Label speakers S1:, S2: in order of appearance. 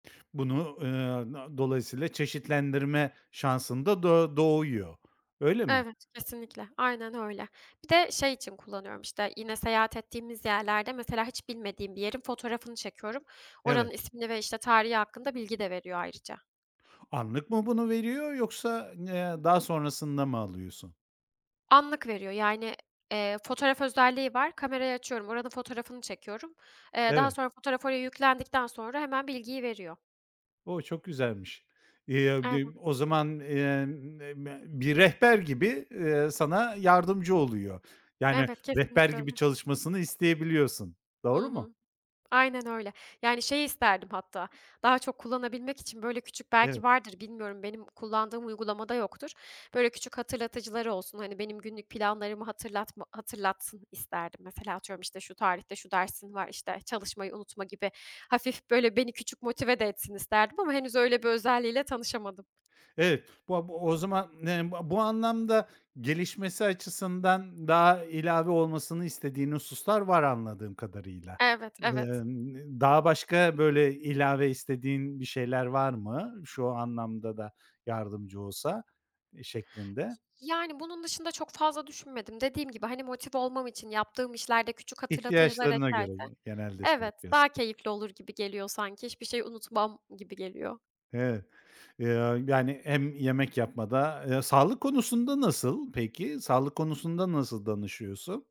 S1: Bunu, ııı, a dolayısıyla çeşitlendirme şansın da do doğuyor. Öyle mi?
S2: Evet, kesinlikle. Aynen öyle. Bir de şey için kullanıyorum, işte, yine seyahat ettiğimiz yerlerde mesela hiç bilmediğim bir yerin fotoğrafını çekiyorum.
S1: Evet.
S2: Oranın ismini ve, işte, tarihi hakkında bilgi de veriyor ayrıca.
S1: Anlık mı bunu veriyor yoksa, ııı, eee, daha sonrasında mı alıyorsun?
S2: Anlık veriyor. Yani, eee, fotoğraf özelliği var. Kamerayı açıyorum, oranın fotoğrafını çekiyorum. Eee, daha
S1: Eve
S2: sonra fotoğraf oraya yüklendikten sonra hemen bilgiyi veriyor.
S1: O! Çok güzelmiş. Iıı,
S2: Evet.
S1: [unintelligible] o zaman, ııı, [unintelligible] bir rehber gibi, ııı, sana yardımcı oluyor. Yani
S2: Evet,
S1: rehber
S2: kesinlikle
S1: gibi
S2: öyle.
S1: çalışmasını isteyebiliyorsun.
S2: I
S1: Doğru mu?
S2: hı. Aynen öyle. Yani, şeyi isterdim hatta daha çok kullanabilmek için böyle küçük
S1: Eve
S2: -belki vardır bilmiyorum, benim kullandığım uygulamada yoktur. Böyle küçük hatırlatıcıları olsun. Hani, benim günlük planlarımı hatırlatma hatırlatsın isterdim. Mesela atıyorum, işte, "Şu tarihte şu dersin var, işte, çalışmayı unutma." gibi hafif, böyle, beni küçük motive de etsin isterdim ama henüz öyle bir özelliğiyle tanışamadım.
S1: Evet, ba bu o zaman n ba bu anlamda gelişmesi açısından daha ilave olmasını istediğin hususlar var anladığım kadarıyla.
S2: Evet, evet.
S1: Emm, eee, daha başka böyle ilave istediğin bir şeyler var mı? Şu anlamda da yardımcı olsa şeklinde.
S2: Y yani bunun dışında çok fazla düşünmedim. Dediğim gibi, hani, motive olmam için yaptığım işlerde küçük hatırlatıcılar
S1: İhtiyaçlarına
S2: eklerse
S1: göre ge genelde şey
S2: Evet,
S1: yapıyorsun.
S2: daha keyifli olur gibi geliyor sanki. Hiçbir şey unutmam gibi geliyor.
S1: Evet, eee, yani hem yemek yapmada Eee, sağlık konusunda nasıl peki? Sağlık konusunda nasıl danışıyorsun?